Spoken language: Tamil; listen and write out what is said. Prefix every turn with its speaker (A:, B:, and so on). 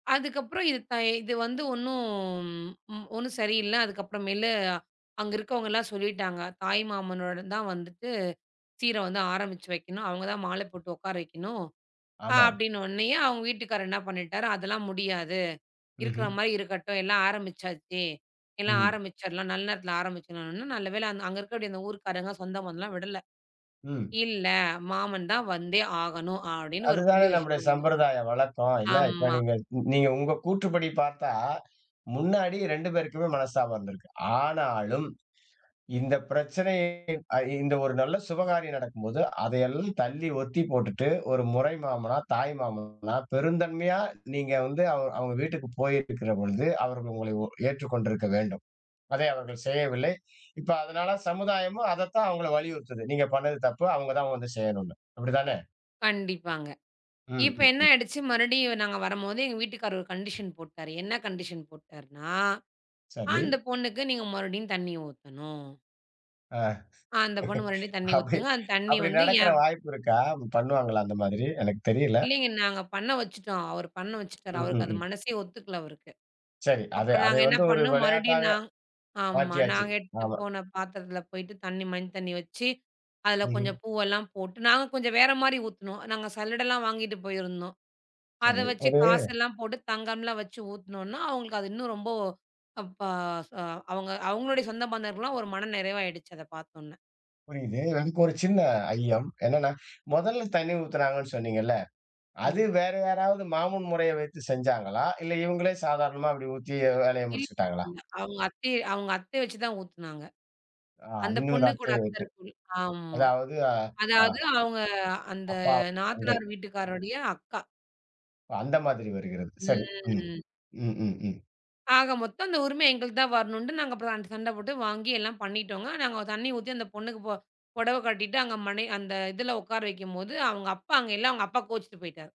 A: அதுக்கப்புறம் இது தை இதுவந்து ஒன்னும் ஒன்னும் சரியில்ல. அதுக்கப்றமேலு, அங்க இருக்கறவங்க எல்லா சொல்லிட்டாங்க. தாய் மாமனோட தான் வந்துட்டு சீர வந்து ஆரம்பிச்சு வைக்கணும். அவங்க தா மால போட்டு உக்கார வைக்கணும்.
B: ஆமாம்.
A: அப்படின்ன உடனயே அவங்க வீட்டுக்கார் என்ன பண்ணிட்டாரு, அதெல்லாம் முடியாது. இருக்கிற
B: ம்ஹ்ம்.
A: மாதிரி இருக்கட்டும். எல்லா ஆரம்பிச்சாச்சு. எல்லா
B: ம்.
A: ஆரம்பிச்சிரலாம், நல்ல நேரத்துல ஆரம்பிச்சோம். நல்லவேள அங்க இருக்கிற இந்த ஊர்க்காரங்க சொந்தம் பந்தல்லாம் விடல.
B: ம்.
A: இல்ல, மாமன் தா வந்தே ஆகணும் அப்படின்னு ஒரு புள்ளி
B: அதுதானே நம்முடைய
A: வச்சுட்டாங்க.
B: சம்பிரதாயம் வழக்கம் இல்ல. இப்ப
A: ஆம்மா.
B: நீங்க நீங்க உங்க கூற்றுப்படி பார்த்தா, முன்னாடி 2 பேருக்குமே மனஸ்தபம் இருந்துருக்கும். ஆனாலும் இந்த பிரச்சனை இந்த ஒரு நல்ல சுபகாரியம் நடக்கும்போது, அதையெல்லாம் தள்ளி ஒத்திப்போட்டுட்டு, ஒரு முறை மாமனா, தாய் மாமனா பெருந்தன்மையா நீங்க வந்து அவ அவங்க வீட்டுக்குப் போயிருக்கிற பொழுது அவர்கள் உங்களை ஏற்றுக் கொண்டிருக்க வேண்டும். அதை அவர்கள் செய்யவில்லை. இப்ப அதனால சமுதாயமும் அதத்தான் அவங்களை வலியுறுத்துது. நீங்கப் பண்ணது தப்பு. அவங்க தான் வந்து செய்யணும்னு. அப்படித்தானே?
A: கண்டிப்பாங்க.
B: ம்.
A: இப்ப
B: ம்.
A: என்ன
B: ம்.
A: ஆயிடுச்சு? மறுடியும் நாங்க வரும்போது எங்க வீட்டுக்காரரு ஒரு கண்டிஷ்ன் போட்டாரு. என்ன கண்டிஷ்ன் போட்டாருனா?
B: சரி.
A: அந்த பொண்ணுக்கு நீங்க மறுபடியும் தண்ணி ஊத்தணும்.
B: அ
A: அந்த பொண்ணு மறுபடியும் தண்ணி
B: அப்படி
A: ஊத்துங்க. அந்தத் தண்ணி
B: அப்படி
A: வந்து
B: நடக்கிற
A: ஏன்
B: வாய்ப்பு இருக்கா? பண்ணுவாங்களா அந்த மாதிரி? எனக்கு தெரியல.
A: இல்லங்க. நாங்க பண்ண வச்சுட்டோம். அவரு பண்ண வச்சுட்டாரு. அவருக்கு அது
B: ம்ஹ்ம்.
A: மனசெ ஒத்துக்கல அவருக்கு.
B: சரி அதை
A: அப்றம்
B: அதை
A: நாங்க என்ன
B: வந்து ஒரு
A: பண்னோம்.
B: விளையாட்டாக
A: நா ஆம்மா.
B: மாற்றியாச்சு.
A: நாங்க எடுத்துட்டு
B: ஆமா.
A: போன பாத்திரத்துல போயிட்டு தண்ணி, மஞ்ச தண்ணி வச்சு அதுல
B: ம்ஹ்ம்.
A: கொஞ்சம் பூவுல்லாம் போட்டு நாங்க கொஞ்சம் வேற மாதிரி ஊத்துனோம். நாங்க சல்லடல்லாம் வாங்கிட்டு போயிருந்தோம். அதை
B: சரி,
A: வச்சு
B: ஒரு
A: காசு எல்லாம் போட்டுத் தங்கமல்லாம் வச்சு ஊத்துனோன்ன, அவங்களுக்கு அது இன்னும் ரொம்போ அப்பா அ அவங்க அவங்களுடய சொந்த பந்தர்கல்லாம் ஒரு மன நிறைவா ஆயிடுச்சு. அத பாத்தோன்ன.
B: புரியுது. எனக்கு ஒரு சின்ன ஐயம். என்னன்னா, மொதல்ல தண்ணி ஊத்துனாங்கன்னு சொன்னீங்கள்ல. அது
A: ம்
B: வேற யாராவது மாமன் முறையை வைத்து செஞ்சாங்களா? இல்ல இவங்களே சாதாரணமா அப்டி ஊத்தி வேலயை
A: இல்ல
B: முடிச்சுகிட்டாங்களா?
A: இல்ல, அவங்க அத்தைய அவங்க அத்தைய வச்சு தான் ஊத்துனாங்க.
B: அ
A: அந்த
B: இன்னொரு
A: பொண்ணு கூட
B: அத்தை
A: அத்த
B: ஊத்து
A: இருக்குமல ஆமா.
B: அதாவது அ ஆ.
A: அதாவது அவங்க அந்த
B: அப்பா, தங்கை.
A: நாத்தனார் வீட்டுக்காரரோடய அக்கா.
B: ஓ அந்த மாதிரி வருகிறது. சரி. ம்.
A: ம்.
B: ம், ம், ம்.
A: ஆக மொத்தம் அந்த உரிம எங்களுக்குத்தா வரணும்னுட்டு நாங்க ச சண்ட போட்டு வாங்கி எல்லா பண்ணிட்டோங்க. நாங்க தண்ணி ஊத்தி, அந்த பொண்ணுக்கு ப புடவ கட்டிட்டு, அங்க மனை அந்த இதுல உக்கார வைக்கும்போது அவுங்க அப்பா அங்க இல்ல. அவுங்க அப்பா கோச்சுட்டு போயிட்டாரு.